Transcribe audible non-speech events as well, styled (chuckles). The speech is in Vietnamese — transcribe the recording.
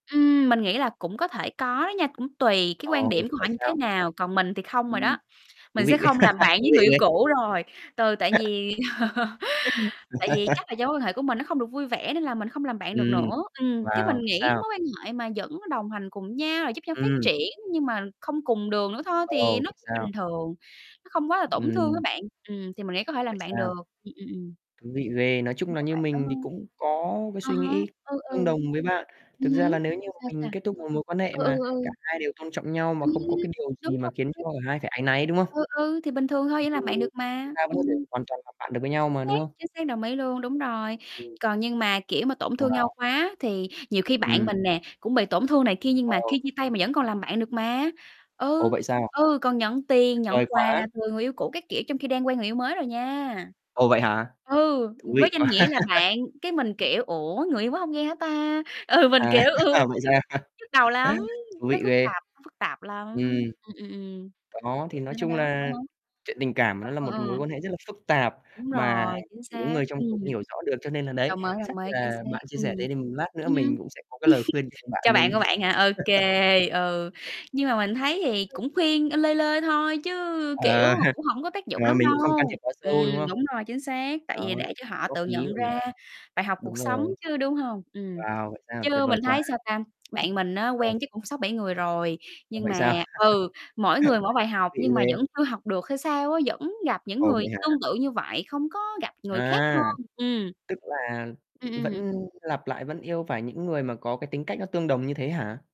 Ừm, mình nghĩ là cũng có thể có đó nha, cũng tùy cái Ờ, quan điểm của vậy họ như thế sao? nào, còn mình thì không rồi Ừm, đó. thú Mình sẽ vị, không làm (laughs) bạn thú với vị người yêu ghê. cũ rồi. Ừ, tại (laughs) vì (laughs) tại vì chắc (laughs) là do mối quan hệ của mình nó không được vui vẻ, nên là mình không làm bạn được Ừm. nữa. Ừm, chứ Wow, mình vậy nghĩ sao? mối quan hệ mà vẫn đồng hành cùng nhau, rồi giúp nhau phát Ừm. triển nhưng mà không cùng đường nữa thôi, thì Ồ, nó vậy cũng sao? bình thường. Nó không quá là tổn thương á Ừm. bạn, ừm, thì mình nghĩ có thể Vậy làm bạn sao? được. Ừm, ừm, ừm. Thú vị ghê, nói chung Nhưng là mà như bạn có mình thì hông? cũng có cái À suy há. nghĩ Ừ, ừ. tương đồng với bạn. Ừm Thực ra hứm. là nếu như mà Sao, mình sao? kết thúc một mối quan hệ Ừ, ừ, mà cả ừ. hai đều tôn trọng nhau, mà Ừm, không có cái điều đúng gì mà khiến cho rồi. cả hai phải áy náy, đúng không? Ừ, ừ. Thì bình thường thôi, Ừm, vẫn làm bạn được chúng mà. ta vẫn Ừm. có thể hoàn toàn làm bạn được với nhau Chính mà, đúng xác, không? chính xác, đồng ý luôn, đúng rồi. Ừm. Còn nhưng mà, kiểu, mà tổn thương nhau Wow. quá thì nhiều khi bạn Ừm. mình nè, cũng bị tổn thương này kia, nhưng mà Ừ. khi chia tay mà vẫn còn làm bạn được mà. Ồ, Ừ, vậy sao? ừ. Còn nhận tiền, nhận Vời quà quá. từ người yêu cũ các kiểu trong khi đang quen người yêu mới rồi nha. Ồ, vậy hả? Ừ, Thú với vị danh quá. nghĩa là (laughs) bạn. Cái mình, kiểu, ủa, người yêu mới hông ghen hả ta? Ừ, mình, À, kiểu, ừ, (laughs) vậy sao, nhức đầu lắm. thú Nó vị phức ghê. tạp nó phức tạp lắm. Ừm. Ừm, ừm, ừm. Đó, thì nói Đó, đó, chung đó. À là há. chuyện tình cảm Ờ, nó là ờ, một mối ờ. quan hệ rất là phức tạp Đúng mà rồi, chính chỉ có xác. người trong cuộc Ừm. hiểu rõ được. Cho nên là, đấy, Đồng ý, chắc đồng ý, chính là xác. bạn chia Ừm, sẻ thế thì lát nữa ừm. mình (laughs) cũng sẽ có cái lời khuyên cho bạn Cho bạn mình. của bạn hả? OK. Ừ, (laughs) nhưng mà mình thấy thì cũng khuyên lơi lơi thôi chứ, kiểu, Ờ. mà (chuckles) cũng hổng có tác dụng Ờ, lắm mình cũng không can đâu. thiệp quá sâu, Ừm, đúng không? đúng rồi, chính xác. Đó, Tại vì để cho họ góp tự ý nhận rồi nhỉ? ra bài học cuộc Đúng sống rồi. chứ, đúng hông? Ừm. Wow vậy sao, tuyệt Chứ vời mình quá. thấy, sao ta, bạn mình á, Ờ. quen chắc cũng 6-7 người rồi, Ồ, nhưng vậy sao? mà (chuckles) ừ, mỗi người mỗi bài Thú học vị nhưng mà ghê. vẫn chưa học được hay sao á. Vẫn gặp những Ồ, người vậy hả? tương tự như vậy, không có gặp người khác À, hơn. Ừm. tức là Ừm, ừm. vẫn lặp lại, vẫn yêu phải những người mà có cái tính cách nó tương đồng như thế hả?